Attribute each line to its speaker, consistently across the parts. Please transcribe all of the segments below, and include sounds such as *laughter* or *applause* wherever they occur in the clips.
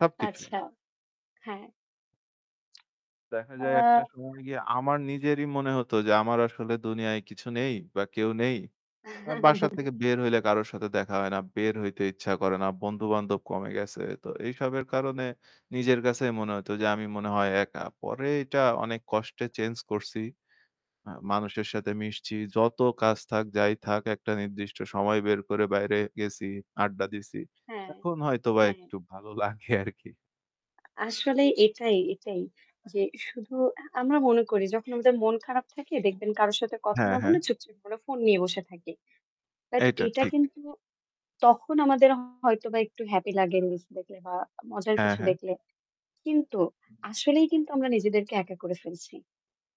Speaker 1: সবকিছুই।
Speaker 2: আচ্ছা, হ্যাঁ।
Speaker 1: দেখা যায় একটা
Speaker 2: আ
Speaker 1: সময় গিয়ে আমার নিজেরই মনে হতো যে আমার আসলে দুনিয়ায় কিছু নেই বা কেউ নেই। এ বাসা
Speaker 2: *giggles*
Speaker 1: থেকে বের হইলে কারো সাথে দেখা হয় না, বের হইতে ইচ্ছা করে না, বন্ধু-বান্ধব কমে গেছে। তো এইসবের কারণে নিজের কাছেই মনে হতো যে আমি মনে হয় একা। পরে এটা অনেক কষ্টে চেঞ্জ করছি। এ মানুষের সাথে মিশছি যত কাজ থাক যাই থাক একটা নির্দিষ্ট সময় বের করে বাইরে গেছি, আড্ডা দিছি।
Speaker 2: হ্যাঁ,
Speaker 1: এখন হয়তোবা
Speaker 2: হ্যাঁ।
Speaker 1: একটু ভালো লাগে আরকি।
Speaker 2: আসলে এটাই, এটাই। যে শুধু আমরা মনে করি যখন আমাদের মন খারাপ থাকে দেখবেন কারো সাথে কথা
Speaker 1: হ্যাঁ,
Speaker 2: না
Speaker 1: হ্যাঁ।
Speaker 2: বলে চুপচুপ করে ফোন নিয়ে বসে থাকি। বাট
Speaker 1: এইটা
Speaker 2: এটা
Speaker 1: ঠিক।
Speaker 2: কিন্তু তখন আমাদের হয়তোবা একটু হ্যাপি লাগে রিলস দেখলে বা মজার
Speaker 1: হ্যাঁ,
Speaker 2: কিছু
Speaker 1: হ্যাঁ।
Speaker 2: দেখলে। কিন্তু আসলেই কিন্তু আমরা নিজেদেরকে একা করে ফেলছি।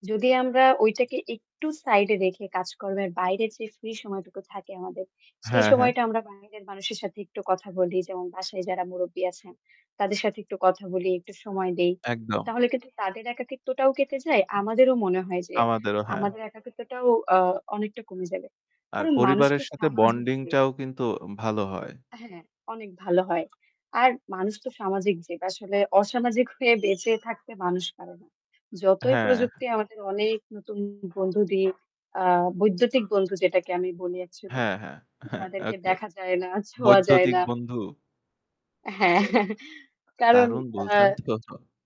Speaker 2: যদি আমরা ঐটাকে একটু সাইডে রেখে কাজকর্মের বাইরে যে ফ্রি সময়টুকু থাকে আমাদের সেই
Speaker 1: হ্যাঁ, হ্যাঁ।
Speaker 2: সময়টা আমরা বাইরের মানুষের সাথে একটু কথা বলি। যেমন বাসায় যারা মুরুব্বি আছেন তাদের সাথে একটু কথা বলি, একটু সময় দেই।
Speaker 1: একদম।
Speaker 2: তাহলে কিন্তু তাদের একাকিত্বটাও কেটে যায়। আমাদেরও মনে হয় যে
Speaker 1: আমাদেরও হ্যাঁ।
Speaker 2: আমাদের একাকিত্বটাও আ অনেকটা কমে যাবে।
Speaker 1: আর
Speaker 2: কারণ মানুষ তো
Speaker 1: পরিবারের সাথে
Speaker 2: সামাজিক জীব।
Speaker 1: বন্ডিংটাও কিন্তু ও ভালো হয়।
Speaker 2: হ্যাঁ, অনেক ভালো হয়। আর মানুষ তো সামাজিক জীব আসলে অসামাজিক হয়ে বেঁচে থাকতে মানুষ পারে না। যতই
Speaker 1: হ্যাঁ।
Speaker 2: প্রযুক্তি আমাদের অনেক নতুন বন্ধু দিক আ বৈদ্যুতিক বন্ধু যেটাকে আমি বলি অ্যাকচুয়ালি।
Speaker 1: হ্যাঁ, হ্যাঁ, হ্যাঁ।
Speaker 2: যাদেরকে
Speaker 1: ওকে
Speaker 2: দেখা যায় না, ছোঁয়া যায়
Speaker 1: বৈদ্যুতিক
Speaker 2: না।
Speaker 1: বন্ধু।
Speaker 2: হ্যাঁ কারণ
Speaker 1: দারুণ বলছেন
Speaker 2: আ
Speaker 1: তো।